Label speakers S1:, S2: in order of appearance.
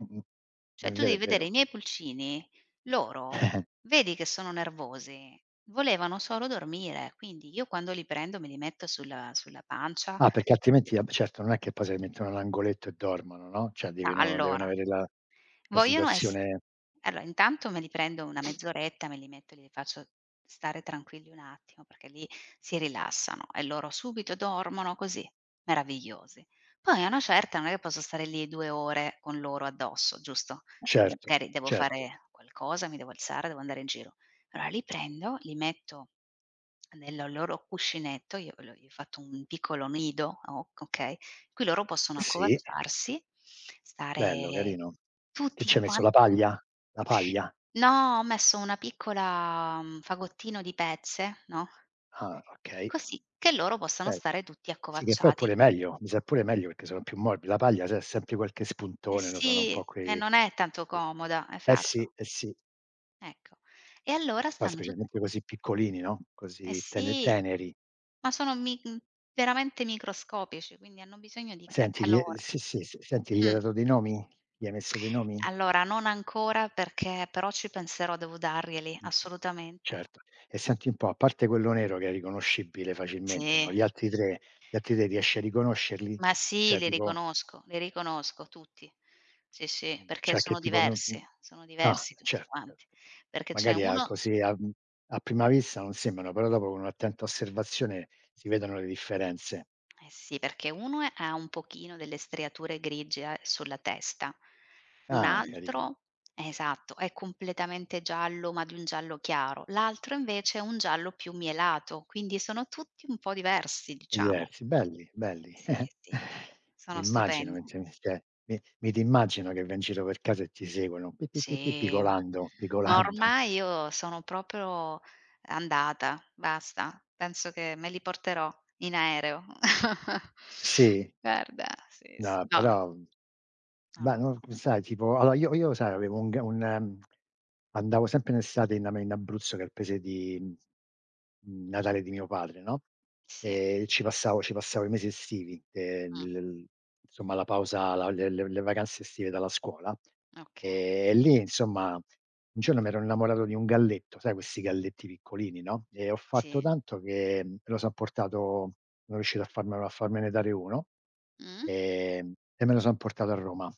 S1: Mh-mh, è
S2: Cioè tu
S1: vero,
S2: devi
S1: è
S2: vedere i
S1: vero.
S2: miei pulcini, loro vedi che sono nervosi, volevano solo dormire, quindi io quando li prendo me li metto sulla sulla pancia
S1: No perché altrimenti, va beh certo non è che poi se li mettono nell'angoletto e dormono, no, cioè
S2: Ah
S1: deve no devono
S2: allora
S1: avere la la
S2: vogliono ess
S1: situazione.
S2: allora, intanto me li prendo una mezz'oretta, me li metto, glieli faccio stare tranquilli un attimo perché lì si rilassano e loro subito dormono così, meravigliosi. Poi a una certa non è che posso stare lì 2 ore con loro addosso, giusto,
S1: Certo,
S2: magari devo
S1: certo.
S2: fare qualcosa, mi devo alzare, devo andare in giro. Allora li prendo, li metto nel loro cuscinetto, io l gli ho fatto un piccolo nido, ok okay, in cui loro possono
S1: Sì.
S2: accovacciarsi,
S1: Bello
S2: stare
S1: carino. Che ci
S2: tutti
S1: hai messo la
S2: quanti
S1: paglia la paglia?
S2: No, ho messo una piccola mhmm, fagottino di pezze, no.
S1: Ah okay.
S2: Così che loro possano
S1: Okay
S2: stare tutti
S1: sì che poi è
S2: accovacciati.
S1: pure meglio, mi sa è pure meglio perché sono più morb la paglia sai ha sempre qualche
S2: Eh
S1: spuntone, no, sono un
S2: sì,
S1: po'
S2: e
S1: quei
S2: non è tanto comoda,
S1: Eh sì,
S2: esatto.
S1: eh sì.
S2: Ecco, e allora
S1: Poi
S2: stanno tutti
S1: specialmente così piccolini, no,
S2: Eh
S1: così tener
S2: sì,
S1: teneri.
S2: ma sono, mi mhmm, veramente microscopici, quindi hanno bisogno di ca
S1: Senti, glie
S2: calore.
S1: sì, sì, s senti, gli hai
S2: Mh.
S1: dato dei nomi? Gli hai messo dei nomi?
S2: Allora non ancora perché però ci penserò devo darglieli, assolutamente.
S1: Certo. E senti un po', a parte quello nero che è riconoscibile facilmente no,
S2: Sì.
S1: gli altri 3 gli altri 3 riesci a riconoscerli
S2: Ma
S1: chiss
S2: sì,
S1: cioè
S2: li
S1: tipo
S2: riconosco, li riconosco tutti. Sì, sì,
S1: Mh.
S2: perché
S1: Cioè che
S2: sono
S1: tipo non mhmm,
S2: diversi, sono
S1: ah
S2: diversi tutti
S1: certo
S2: quanti.
S1: certo,
S2: Perché c'è
S1: magari a
S2: uno
S1: così a mhmm, a prima vista non sembrano, però dopo con un'attenta osservazione si vedono le differenze.
S2: Eh sì, perché uno ha un pochino delle striature grigie a sulla testa, un
S1: Ah carini.
S2: altro, esatto, è completamente giallo ma di un giallo chiaro. L'altro invece è un giallo più mielato, quindi sono tutti un po' diversi diciamo.
S1: Diversi, belli, belli.
S2: Sì, sì, sì, sono
S1: Immagino,
S2: stupendi.
S1: men ce me s che mi mi ti immagino che vai in giro per casa e ti seguono, pi pi pi pi
S2: Sì, ma
S1: pigolando,
S2: ma
S1: pigolando.
S2: ormai io sono proprio andata, basta. Penso che me li porterò in aereo.
S1: Sì.
S2: Guarda, sì, sì,
S1: No,
S2: no
S1: però,
S2: Non
S1: beh,
S2: lo
S1: n
S2: so.
S1: sai tipo allora io io sai avevo un g un andavo sempre in estate in ame in Abruzzo che è il paese di natale di mio padre no,
S2: Sì.
S1: e ci passavo ci passavo i mesi estivi,
S2: Mh.
S1: ehm, insomma la pausa, la le le le vacanze estive dalla scuola,
S2: Okay.
S1: ehm, e lì insomma un giorno mi ero innamorato di un galletto, sai questi galletti piccolini, no, e ho fatto
S2: Sì.
S1: tanto che me lo son portato, sono riuscito a farmelo a farmene dare uno,
S2: Mhmm.
S1: ehm, e me lo son portato a Roma.